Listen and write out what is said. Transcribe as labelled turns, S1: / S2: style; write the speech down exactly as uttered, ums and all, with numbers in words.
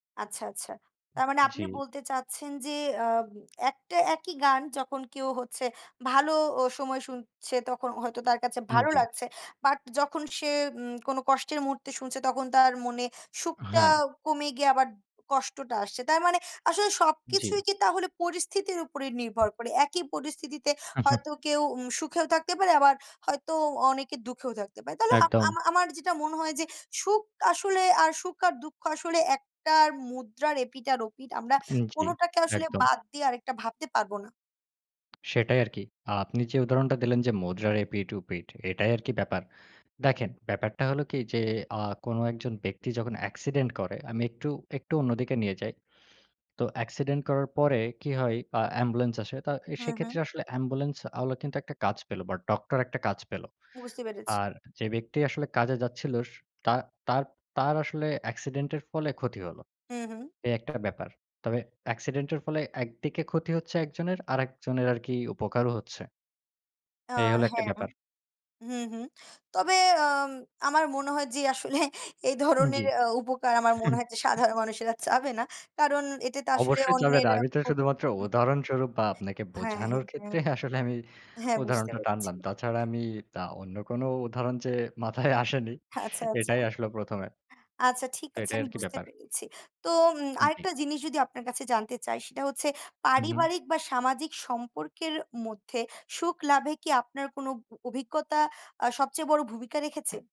S1: আচ্ছা, আচ্ছা।
S2: উ,
S1: তার মানে আপনি
S2: জি।
S1: বলতে চাচ্ছেন যে, আ একটা একই গান যখন কেউ হচ্ছে ভালো অ সময় শুনছে, তখন হয়তো তার কাছে
S2: উ,
S1: ভালো
S2: জি।
S1: লাগছে। বাট যখন সে উম কোনো কষ্টের মুহূর্তে শুনছে, তখন তার মনে সুখটা
S2: হ্যাঁ।
S1: কমে গিয়ে আবার কষ্টটা আসছে। তার মানে আসলে সব
S2: জি।
S1: কিছুই কি তাহলে পরিস্থিতির উপরে নির্ভর করে? একই পরিস্থিতিতে হয়তো কেউ উম সুখেও থাকতে পারে, আবার হয়তো অনেকে দুঃখেও থাকতে পারে। তাহলে আ
S2: একদম।
S1: আমা আমার যেটা মনে হয় যে, সুখ আসলে আর সুখ আর দুঃখ আসলে একটা মুদ্রার এপিট আর ওপিট। আমরা
S2: হম, জি
S1: কোনোটাকে আসলে
S2: একদম।
S1: বাদ দিয়ে আরেকটা ভাবতে পারবো না।
S2: সেটাই আরকি। আ আপনি যে উদাহরণটা দিলেন যে মুদ্রার এপিট-ওপিট, এটাই আরকি ব্যাপার। দেখেন, ব্যাপারটা হলো কি যে আ কোন একজন ব্যক্তি যখন অ্যাক্সিডেন্ট করে, আমি একটু, একটু অন্যদিকে নিয়ে যাই। তো অ্যাক্সিডেন্ট করার পরে কি হয়? আ অ্যাম্বুলেন্স আসে। তো
S1: হু,
S2: সেক্ষেত্রে
S1: হু।
S2: আসলে অ্যাম্বুলেন্স আওলা কিন্তু একটা কাজ পেলো। বা ডক্টর একটা কাজ পেল।
S1: বুঝতে পেরেছি।
S2: আর যে ব্যক্তি আসলে কাজে যাচ্ছিল, স তা তার তার আসলে অ্যাক্সিডেন্টের ফলে ক্ষতি হলো।
S1: হু, হু।
S2: এই একটা ব্যাপার। তবে অ্যাক্সিডেন্টের ফলে একদিকে ক্ষতি হচ্ছে একজনের, আরেকজনের আরকি উপকারও হচ্ছে।
S1: আ
S2: এই হলো একটা
S1: হ্যাঁ।
S2: ব্যাপার।
S1: হু, হু। তবে আ আমার মনে হয় যে, আসলে এই
S2: হুম
S1: ধরনের
S2: জি।
S1: উপকার আমার মনে হয় যে সাধারণ মানুষেরা চাবে না। কারণ এতে তো আসলে
S2: অবশ্যই, চাবে
S1: অন্যের
S2: আমি তো
S1: খুব
S2: শুধুমাত্র
S1: হম।
S2: উদাহরণস্বরূপ বা আপনাকে
S1: হ্যাঁ,
S2: বোঝানোর
S1: হ্যাঁ, জা
S2: ক্ষেত্রে আসলে আমি
S1: হ্যাঁ বুঝতে
S2: উদাহরণটা
S1: পেরেছি।
S2: টানলাম। তাছাড়া আমি তা অন্য কোন উদাহরণ যে মাথায় আসেনি
S1: আচ্ছা, আচ্ছা।
S2: এটাই আসলো প্রথম এ
S1: আচ্ছা ঠিক
S2: তো,
S1: আছে,
S2: এটাই
S1: আমি
S2: আরকি
S1: বুঝতে
S2: ব্যাপার।
S1: পেরেছি। তো উম আ
S2: জি।
S1: আরেকটা জিনিস যদি আপনার কাছে জানতে চাই, সেটা হচ্ছে
S2: উ, হুম।
S1: পারিবারিক বা সামাজিক সম্পর্কের মধ্যে সুখ লাভে কি আপনার কোনো ব অভিজ্ঞতা আ সবচেয়ে বড় ভূমিকা রেখেছে?